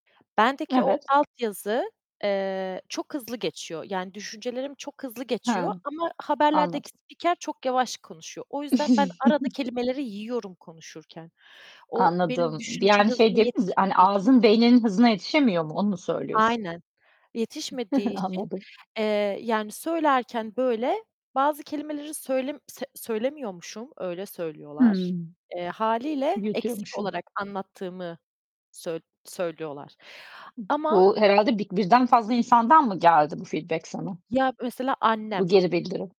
Bendeki o Evet. altyazı, eee, çok hızlı geçiyor yani düşüncelerim çok hızlı He, geçiyor ama haberlerdeki anladım. spiker çok yavaş konuşuyor. O yüzden, ben arada kelimeleri yiyorum konuşurken. O, benim Anladım. düşünce Yani, şey hızına diyebilir miyiz? Hani, yetişmediği için ağzın beyninin hızına yetişemiyor mu? Onu mu söylüyorsun? Aynen, yetişmediği için, Anladım. eee, yani söylerken böyle bazı kelimeleri söylem se söylemiyormuşum, öyle Hıı. söylüyorlar. Eee, hâliyle eksik Yutuyormuşsun. olarak anlattığımı söy söylüyorlar ama Bu herhâlde bir birden fazla insandan mı geldi bu feedback sana? Ya mesela Bu annem. geri bildirim.